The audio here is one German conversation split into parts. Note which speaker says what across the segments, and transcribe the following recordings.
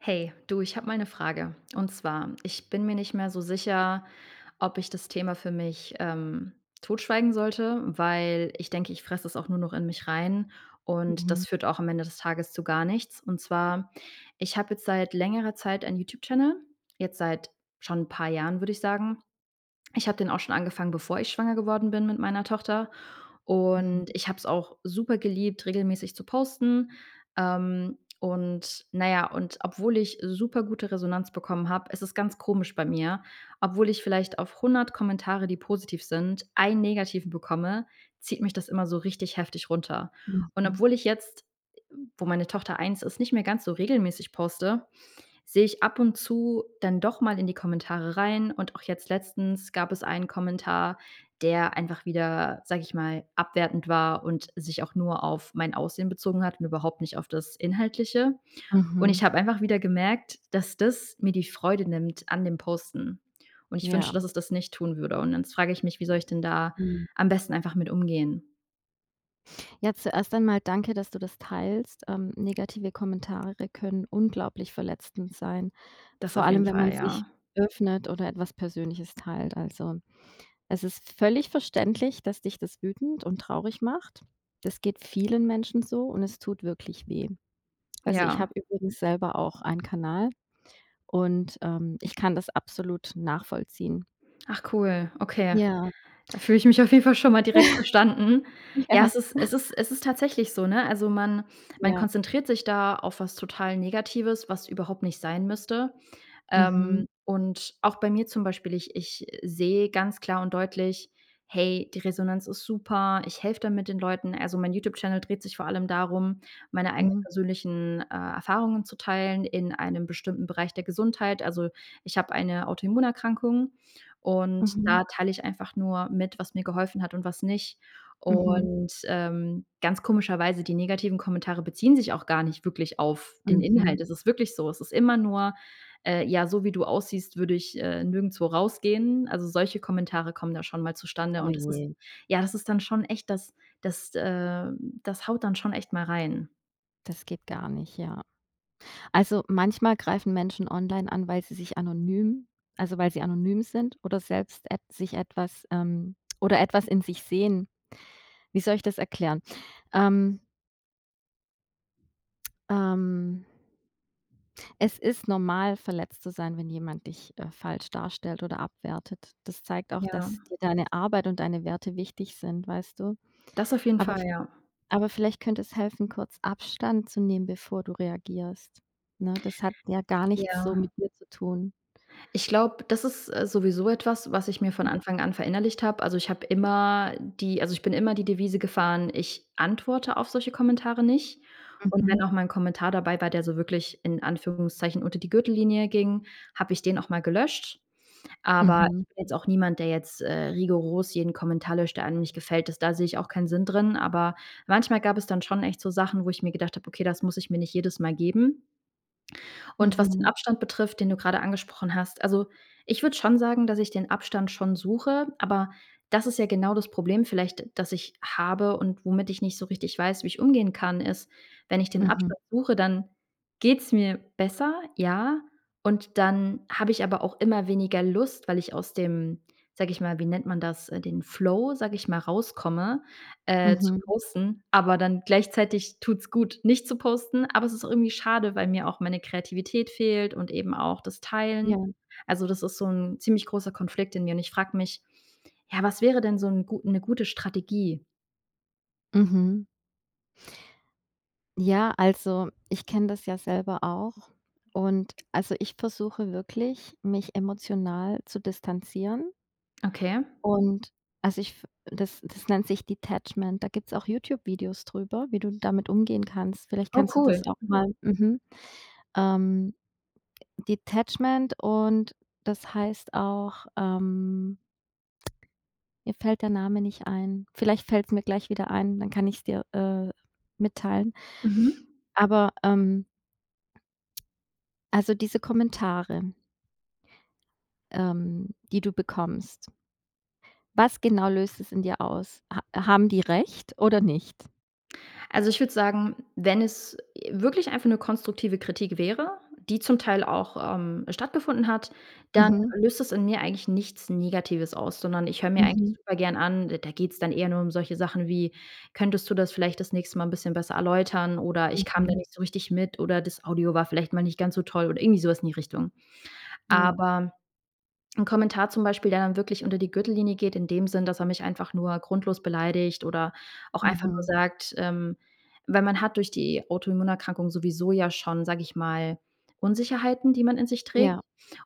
Speaker 1: Hey, du, ich habe mal 'ne Frage. Und zwar, ich bin mir nicht mehr so sicher, ob ich das Thema für mich, ähm, totschweigen sollte, weil ich denke, ich fresse es auch nur noch in mich rein. Und das
Speaker 2: Mhm.
Speaker 1: führt auch am Ende des Tages zu gar nichts. Und zwar: Ich habe jetzt seit längerer Zeit ein YouTube-Channel. Jetzt seit schon 'n paar Jahren, würde ich sagen. Ich habe den auch schon angefangen, bevor ich schwanger geworden bin mit meiner Tochter. Und
Speaker 2: Mhm.
Speaker 1: ich habe es auch super geliebt, regelmäßig zu posten. Ähm, und na ja und obwohl ich supergute Resonanz bekommen habe, es ist ganz komisch bei mir. Obwohl ich vielleicht auf 100 Kommentare, die positiv sind, 1 Negativen bekomme, zieht mich das immer so richtig heftig runter. Und
Speaker 2: Mhm.
Speaker 1: obwohl ich jetzt, äh, wo meine Tochter 1 ist, nicht mehr ganz so regelmäßig poste, sehe ich ab und zu dann doch mal in die Kommentare rein. Und auch jetzt letztens gab es einen Kommentar, der einfach wieder, sage ich mal, abwertend war und sich auch nur auf mein Aussehen bezogen hat und überhaupt nicht auf das Inhaltliche. Und ich
Speaker 2: Mhm.
Speaker 1: habe einfach wieder gemerkt, dass das mir die Freude nimmt an dem Posten. Und ich wünschte,
Speaker 2: Ja.
Speaker 1: dass es das nicht tun würde. Und dann frage ich mich: „Wie soll ich denn da
Speaker 2: Mhm.
Speaker 1: am besten einfach mit umgehen?”
Speaker 2: Ja, zuerst einmal danke, dass du das teilst. Ähm, negative Kommentare können unglaublich verletzend sein,
Speaker 1: Das
Speaker 2: vor
Speaker 1: auf jeden
Speaker 2: allem, wenn man
Speaker 1: Fall,
Speaker 2: sich
Speaker 1: ja.
Speaker 2: öffnet oder etwas Persönliches teilt. Also, es ist völlig verständlich, dass dich das wütend und traurig macht. Das geht vielen Menschen so und es tut wirklich weh. Also, ich
Speaker 1: Ja.
Speaker 2: habe übrigens selber auch einen Kanal und, ähm, ich kann das absolut nachvollziehen.
Speaker 1: Ach, cool. Okay.
Speaker 2: Ja.
Speaker 1: Da fühle ich mich auf jeden Fall schon mal direkt verstanden. Ja,
Speaker 2: Ja.
Speaker 1: es ist es ist es ist tatsächlich so, ne? Also man man
Speaker 2: Ja.
Speaker 1: konzentriert sich da auf was total Negatives, was überhaupt nicht sein müsste. Ähm,
Speaker 2: Mhm.
Speaker 1: und auch bei mir zum Beispiel, ich ich, äh, sehe ganz klar und deutlich, hey, die Resonanz ist super. Ich helfe damit den Leuten. Also mein YouTube-Channel dreht sich vor allem darum, meine eigenen
Speaker 2: Mhm.
Speaker 1: persönlichen, äh, Erfahrungen zu teilen in einem bestimmten Bereich der Gesundheit. Also, ich habe eine Autoimmunerkrankung. Und
Speaker 2: Mhm.
Speaker 1: da teile ich einfach nur mit, was mir geholfen hat und was nicht.
Speaker 2: Mhm.
Speaker 1: Und, ähm, ganz komischerweise, die negativen Kommentare beziehen sich auch gar nicht wirklich auf den
Speaker 2: Mhm.
Speaker 1: Inhalt. Es ist wirklich so. Es ist immer nur, äh, ja, so wie du aussiehst, würde ich, äh, nirgendswo rausgehen. Also, solche Kommentare kommen da schon mal zustande.
Speaker 2: Oh
Speaker 1: Und das ist
Speaker 2: je.
Speaker 1: ja, es ist dann schon echt das das äh, das haut dann schon echt mal rein.
Speaker 2: Das geht gar nicht, ja. Also, manchmal greifen Menschen online an, weil sie sich anonym also weil sie anonym sind oder selbst et sich etwas, ähm, oder etwas in sich sehen. Wie soll ich das erklären? Ähm. Ähm. Es ist normal, verletzt zu sein, wenn jemand dich, äh, falsch darstellt oder abwertet. Das zeigt auch,
Speaker 1: Ja.
Speaker 2: dass dir deine Arbeit und deine Werte wichtig sind, weißt du?
Speaker 1: Das auf jeden
Speaker 2: Aber
Speaker 1: Fall, ja.
Speaker 2: aber vielleicht könnte es helfen, kurz Abstand zu nehmen, bevor du reagierst, ne? Das hat ja gar nichts so
Speaker 1: Ja.
Speaker 2: mit dir zu tun.
Speaker 1: Ich glaube, das ist, äh, sowieso etwas, was ich mir von Anfang an verinnerlicht habe. Also, ich habe immer die also, ich bin immer die Devise gefahren: „Ich antworte auf solche Kommentare nicht.” Und wenn
Speaker 2: Mhm.
Speaker 1: auch mal 'n Kommentar dabei war, der so wirklich in Anführungszeichen unter die Gürtellinie ging, habe ich den auch mal gelöscht. Aber
Speaker 2: Mhm.
Speaker 1: ich bin jetzt auch niemand, der jetzt rigoros jeden Kommentar löscht, der einem nicht gefällt. Ist da sehe ich auch keinen Sinn drin, aber manchmal gab es dann schon echt so Sachen, wo ich mir gedacht habe: „Okay, das muss ich mir nicht jedes Mal geben.” Und was den
Speaker 2: Mhm.
Speaker 1: Abstand betrifft, den du grade angesprochen hast also, ich würde schon sagen, dass ich den Abstand schon suche. Aber das ist ja genau das Problem vielleicht, das ich habe und womit ich nicht so richtig weiß, wie ich umgehen kann ist wenn ich den
Speaker 2: Mhm.
Speaker 1: Abstand suche, dann geht's mir besser, ja. Und dann habe ich aber auch immer weniger Lust, weil ich aus dem, sage ich mal wie nennt man das, den Flow, sage ich mal, rauskomme, äh, zu
Speaker 2: Mhm.
Speaker 1: posten. Aber dann gleichzeitig tut's gut, nicht zu posten, aber es ist auch irgendwie schade, weil mir auch meine Kreativität fehlt und eben auch das Teilen.
Speaker 2: Ja.
Speaker 1: Also, das ist so 'n ziemlich großer Konflikt in mir. Und ich frage mich: „Ja, was wäre denn so 'n 'ne gute Strategie?”
Speaker 2: Mhm. Ja. Also, ich kenne das ja selber auch. Und also, ich versuche wirklich, mich emotional zu distanzieren.
Speaker 1: Okay.
Speaker 2: Und also ich f das das nennt sich Detachment. Da gibt's auch YouTube-Videos drüber, wie du damit umgehen kannst. Vielleicht
Speaker 1: Oh
Speaker 2: kannst du
Speaker 1: cool.
Speaker 2: das auch mal mhm. Ähm, Detachment und das heißt auch, ähm mir fällt der Name nicht ein. Vielleicht fällt's mir gleich wieder ein, dann kann ich's dir, äh, mitteilen.
Speaker 1: Mhm.
Speaker 2: Aber, ähm also, diese Kommentare ähm, die du bekommst was genau löst das in dir aus? Ha haben die recht oder nicht?
Speaker 1: Also, ich würde sagen, wenn es, äh, wirklich einfach 'ne konstruktive Kritik wäre, die zum Teil auch, ähm, stattgefunden hat, dann
Speaker 2: Mhm.
Speaker 1: löst das in mir eigentlich nichts Negatives aus, sondern ich höre mir eigentlich
Speaker 2: Mhm.
Speaker 1: super gern an. D da geht's dann eher nur um solche Sachen wie: „Könntest du das vielleicht das nächste Mal 'n bisschen besser erläutern, oder ich kam da
Speaker 2: Mhm.
Speaker 1: nicht so richtig mit, oder das Audio war vielleicht mal nicht ganz so toll“ oder irgendwie sowas in die Richtung.
Speaker 2: Ja.
Speaker 1: Aber 'n Kommentar zum Beispiel, der dann wirklich unter die Gürtellinie geht in dem Sinn, dass er mich einfach nur grundlos beleidigt oder auch einfach nur
Speaker 2: Mhm.
Speaker 1: sagt, ähm weil man hat durch die Autoimmunerkrankung sowieso ja schon, sage ich mal, Unsicherheiten, die man in sich trägt.
Speaker 2: Ja.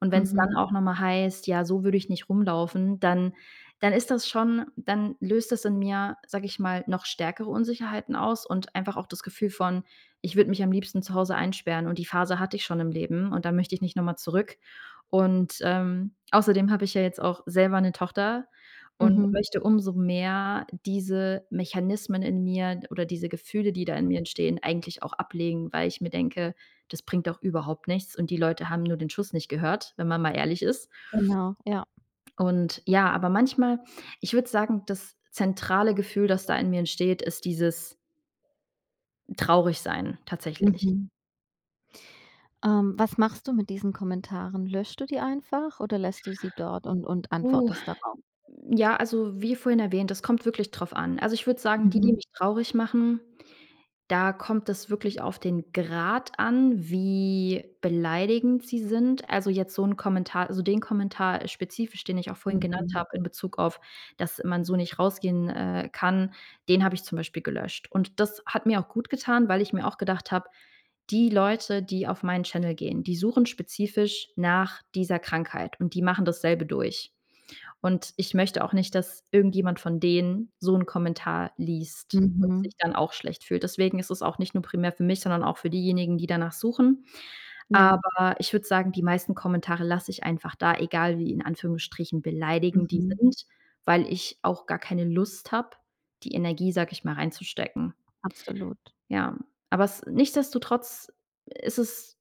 Speaker 1: Und wenn's dann
Speaker 2: Mhm.
Speaker 1: auch nochmal heißt: „Ja, so würde ich nicht rumlaufen“, dann dann ist das schon dann löst das in mir, sage ich mal, noch stärkere Unsicherheiten aus. Und einfach auch das Gefühl von: „Ich würde mich am liebsten zu Hause einsperren.“ Und die Phase hatte ich schon im Leben. Und da möchte ich nicht noch mal zurück. Und, ähm, außerdem habe ich ja jetzt auch selber 'ne Tochter und
Speaker 2: Mhm.
Speaker 1: möchte umso mehr diese Mechanismen in mir oder diese Gefühle, die da in mir entstehen, eigentlich auch ablegen, weil ich mir denke: „Das bringt doch überhaupt nichts.“ Und die Leute haben nur den Schuss nicht gehört, wenn man mal ehrlich ist.
Speaker 2: Genau, ja.
Speaker 1: Und ja, aber manchmal ich würde sagen, das zentrale Gefühl, das da in mir entsteht, ist dieses Traurigsein tatsächlich.
Speaker 2: Mhm. Ähm, was machst du mit diesen Kommentaren? Löschst du die einfach oder lässt du sie dort und und
Speaker 1: Uh.
Speaker 2: antwortest darauf?
Speaker 1: Ja, also, wie vorhin erwähnt, das kommt wirklich drauf an. Also, ich würde sagen, die, die
Speaker 2: Mhm.
Speaker 1: mich traurig machen, da kommt es wirklich auf den Grad an, wie beleidigend sie sind. Also, jetzt so 'n Kommentar also den Kommentar spezifisch, den ich auch vorhin genannt
Speaker 2: Mhm.
Speaker 1: habe, in Bezug auf, dass man so nicht rausgehen, äh, kann, den habe ich zum Beispiel gelöscht. Und das hat mir auch gut getan, weil ich mir auch gedacht habe, die Leute, die auf meinen Channel gehen, die suchen spezifisch nach dieser Krankheit und die machen dasselbe durch. Und ich möchte auch nicht, dass irgendjemand von denen so 'n Kommentar liest und sich
Speaker 2: Mhm.
Speaker 1: dann auch schlecht fühlt. Deswegen ist es auch nicht nur primär für mich, sondern auch für diejenigen, die danach suchen.
Speaker 2: Ja.
Speaker 1: Aber ich würde sagen, die meisten Kommentare lasse ich einfach da, egal wie- in Anführungsstrichen- beleidigend die
Speaker 2: Mhm.
Speaker 1: sind, weil ich auch gar keine Lust habe die Energie, sage ich mal, reinzustecken.
Speaker 2: Absolut.
Speaker 1: Ja, aber es nichtsdestotrotz ist es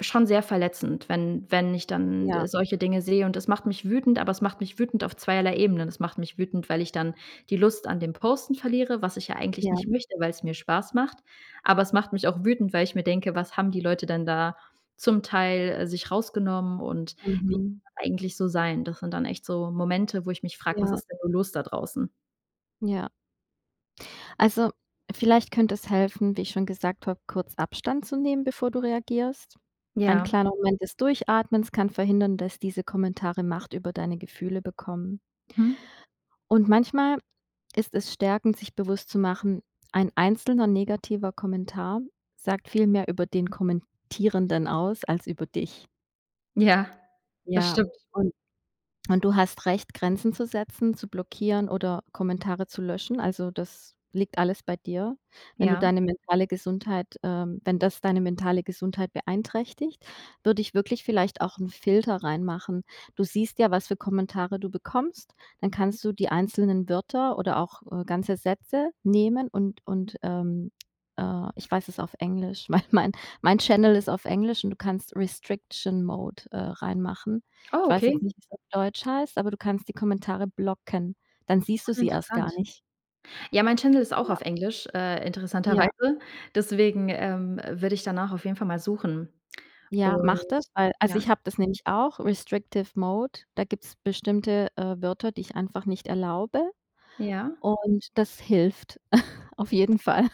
Speaker 1: schon sehr verletzend, wenn wenn ich dann, äh,
Speaker 2: Ja.
Speaker 1: solche Dinge sehe. Und es macht mich wütend, aber es macht mich wütend auf zweierlei Ebenen. Es macht mich wütend, weil ich dann die Lust an dem Posten verliere, was ich ja eigentlich
Speaker 2: Ja.
Speaker 1: nicht möchte, weil's mir Spaß macht. Aber es macht mich auch wütend, weil ich mir denke, was haben die Leute denn da zum Teil, äh, sich rausgenommen? Und wie [unintelligible]
Speaker 2: Mhm.
Speaker 1: eigentlich so sein? Das sind dann echt so Momente, wo ich mich frage: „Was
Speaker 2: Ja.
Speaker 1: ist denn nur los da draußen?“
Speaker 2: Ja. Also, vielleicht könnte es helfen, wie ich schon gesagt habe, kurz Abstand zu nehmen, bevor du reagierst? Ein
Speaker 1: Ja.
Speaker 2: kleiner Moment des Durchatmens kann verhindern, dass diese Kommentare Macht über deine Gefühle bekommen.
Speaker 1: Hm.
Speaker 2: Und, manchmal ist es stärkend, sich bewusst zu machen, 1 einzelner negativer Kommentar sagt viel mehr über den Kommentierenden aus als über dich.
Speaker 1: Ja,
Speaker 2: Ja,
Speaker 1: bestimmt.
Speaker 2: und und du hast Recht Grenzen zu setzen, zu blockieren oder Kommentare zu löschen. Also, das liegt alles bei dir. Wenn du
Speaker 1: Ja.
Speaker 2: deine mentale Gesundheit, ähm wenn das deine mentale Gesundheit beeinträchtigt, würde ich wirklich vielleicht auch ‘n Filter reinmachen. Du siehst ja, was für Kommentare du bekommst, dann kannst du die einzelnen Wörter oder auch, äh, ganze Sätze nehmen und und, ähm, äh ich weiß es auf Englisch, weil mein mein Channel ist auf Englisch und du kannst Restriction Mode, äh, reinmachen. Ich
Speaker 1: Oh,
Speaker 2: weiß jetzt
Speaker 1: okay.
Speaker 2: nicht, wie es auf Deutsch heißt, aber du kannst die Kommentare blocken. Dann siehst du
Speaker 1: Ah,
Speaker 2: sie erst gar
Speaker 1: interessant.
Speaker 2: nicht.
Speaker 1: Ja, mein Channel ist auch
Speaker 2: Ja.
Speaker 1: auf Englisch, äh,
Speaker 2: Ja.
Speaker 1: interessanterweise. Deswegen, ähm, würde ich danach auf jeden Fall mal suchen.
Speaker 2: Ja,
Speaker 1: Und
Speaker 2: mache das, weil also,
Speaker 1: ja?
Speaker 2: ich habe das nämlich auch Restrictive Mode, da gibt es bestimmte, äh, Wörter, die ich einfach nicht erlaube,
Speaker 1: Ja?
Speaker 2: und das hilft auf jeden Fall.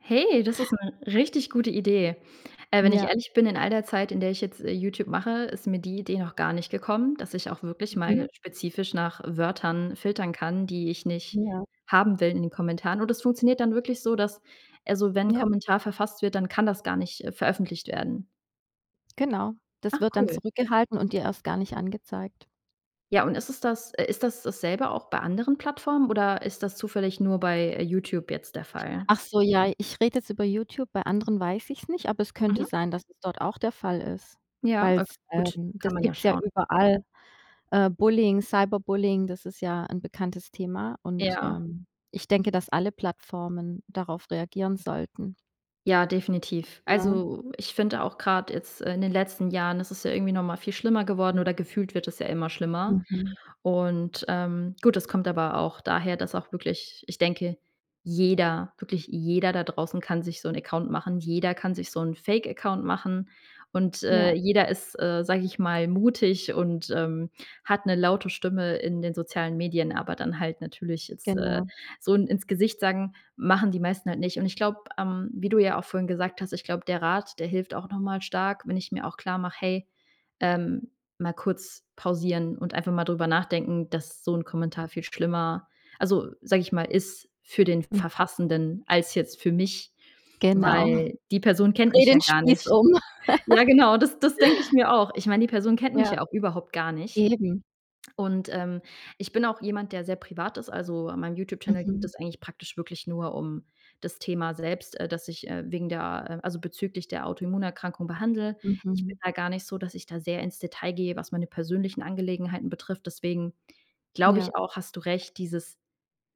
Speaker 1: Hey, das ist ‘ne richtig gute Idee. Äh, wenn ich
Speaker 2: Ja.
Speaker 1: ehrlich bin, in all der Zeit, in der ich jetzt, äh, YouTube mache, ist mir die Idee noch gar nicht gekommen, dass ich auch wirklich mal
Speaker 2: Mhm.
Speaker 1: spezifisch nach Wörtern filtern kann, die ich nicht
Speaker 2: Ja.
Speaker 1: haben will in den Kommentaren. Und, das funktioniert dann wirklich so, dass, also wenn 'n
Speaker 2: Ja.
Speaker 1: Kommentar verfasst wird, dann kann das gar nicht, äh, veröffentlicht werden?
Speaker 2: Genau, das
Speaker 1: Ach,
Speaker 2: wird dann
Speaker 1: cool.
Speaker 2: zurückgehalten und dir erst gar nicht angezeigt.
Speaker 1: Ja, und ist es das, äh ist das dasselbe auch bei anderen Plattformen oder ist das zufällig nur bei, äh, YouTube jetzt der Fall?
Speaker 2: Ach so, ja, ich rede jetzt über YouTube, bei anderen weiß ich es nicht, aber es könnte
Speaker 1: Mhm.
Speaker 2: sein, dass es dort auch der Fall ist.
Speaker 1: Ja,
Speaker 2: Weil
Speaker 1: okay
Speaker 2: es,
Speaker 1: gut,
Speaker 2: ähm das
Speaker 1: kann man ja
Speaker 2: gibt es ja
Speaker 1: schauen.
Speaker 2: überall, äh, Bullying, Cyberbullying, das ist ja 'n bekanntes Thema und,
Speaker 1: Ja.
Speaker 2: ähm, ich denke, dass alle Plattformen darauf reagieren sollten.
Speaker 1: Ja, definitiv.
Speaker 2: Ja.
Speaker 1: Also, ich finde auch grad jetzt in den letzten Jahren ist es ja irgendwie nochmal viel schlimmer geworden oder gefühlt wird es ja immer schlimmer.
Speaker 2: Mhm
Speaker 1: Und, ähm, gut, das kommt aber auch daher, dass auch wirklich ich denke, jeder, wirklich jeder da draußen kann sich so 'n Account machen. Jeder kann sich so 'n Fake Account. machen. Und, äh,
Speaker 2: Ja.
Speaker 1: jeder ist, äh, sage ich mal mutig und, ähm, hat 'ne laute Stimme in den sozialen Medien. Aber dann halt natürlich jetzt, äh,
Speaker 2: Genau.
Speaker 1: so in ins Gesicht sagen, machen die meisten halt nicht. Und ich glaube, ähm, wie du ja auch vorhin gesagt hast, ich glaube, der Rat, der hilft auch noch mal stark, wenn ich mir auch klar mache: „Hey, ähm, mal kurz pausieren und einfach mal drüber nachdenken, dass so 'n Kommentar viel schlimmer, also, sage ich mal, ist für den
Speaker 2: Hm.
Speaker 1: Verfassenden als jetzt für mich,
Speaker 2: Genau.
Speaker 1: weil die Person kennt
Speaker 2: Dreh
Speaker 1: mich ja
Speaker 2: den
Speaker 1: gar
Speaker 2: Spieß
Speaker 1: nicht.“
Speaker 2: um.
Speaker 1: Ja genau, das das denke ich mir auch. Ich meine, die Person kennt mich
Speaker 2: Ja.
Speaker 1: ja auch überhaupt gar nicht.
Speaker 2: Eben.
Speaker 1: Und, ähm, ich bin auch jemand, der sehr privat ist, also, an meinem YouTube Channel geht
Speaker 2: Mhm.
Speaker 1: es eigentlich praktisch wirklich nur um das Thema selbst, äh, dass ich, äh, wegen der, äh also, bezüglich der Autoimmunerkrankung behandle. Ich bin
Speaker 2: Mhm.
Speaker 1: da gar nicht so, dass ich da sehr ins Detail gehe, was meine persönlichen Angelegenheiten betrifft. Deswegen glaube
Speaker 2: Ja.
Speaker 1: ich auch, hast du recht, dieses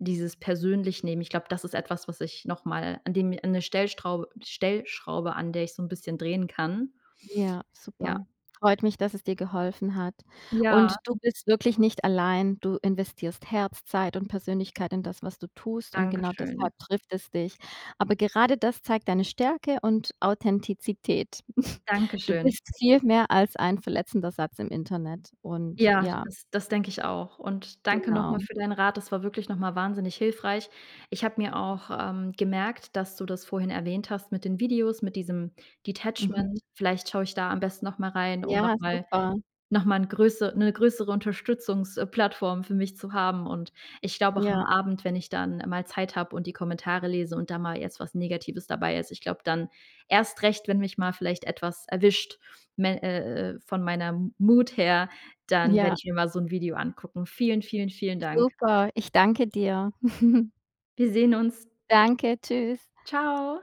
Speaker 1: dieses persönlich Nehmen, ich glaube, das ist etwas, was ich nochmal an dem mir 'ne Stellstraub Stellschraube, an der ich so 'n bisschen drehen kann.
Speaker 2: Ja,
Speaker 1: Ja.
Speaker 2: super. Freut mich, dass es dir geholfen hat.
Speaker 1: Ja.
Speaker 2: Und du bist wirklich nicht allein, du investierst Herz, Zeit und Persönlichkeit in das, was du tust und genau
Speaker 1: Dankeschön.
Speaker 2: deshalb trifft es dich. Aber gerade das zeigt deine Stärke und Authentizität. Du
Speaker 1: Dankeschön.
Speaker 2: bist viel mehr als ein verletzender Satz im Internet und
Speaker 1: Ja,
Speaker 2: ja
Speaker 1: das das denke ich auch. Und danke nochmal
Speaker 2: Genau.
Speaker 1: für deinen Rat. Das war wirklich nochmal wahnsinnig hilfreich. Ich habe mir auch, ähm, gemerkt, dass du das vorhin erwähnt hast, mit den Videos, mit diesem Detachment.
Speaker 2: Mhm.
Speaker 1: Vielleicht schaue ich da am besten nochmal rein, um
Speaker 2: Ja,
Speaker 1: nochmal
Speaker 2: super.
Speaker 1: nochmal 'n größe 'ne größere Unterstützungs äh, Plattform für mich zu haben. Und ich glaube auch am
Speaker 2: Ja.
Speaker 1: Abend, wenn ich dann mal Zeit habe und die Kommentare lese und da mal jetzt was Negatives dabei ist. Ich glaube dann erst recht, wenn mich mal vielleicht etwas erwischt, mel äh, äh, von meiner Mood her, dann werde
Speaker 2: Ja.
Speaker 1: ich mir mal so 'n Video angucken. Vielen, vielen, vielen Dank.
Speaker 2: Super, ich danke dir.
Speaker 1: Wir sehen uns.
Speaker 2: Danke, tschüss.
Speaker 1: Tschau.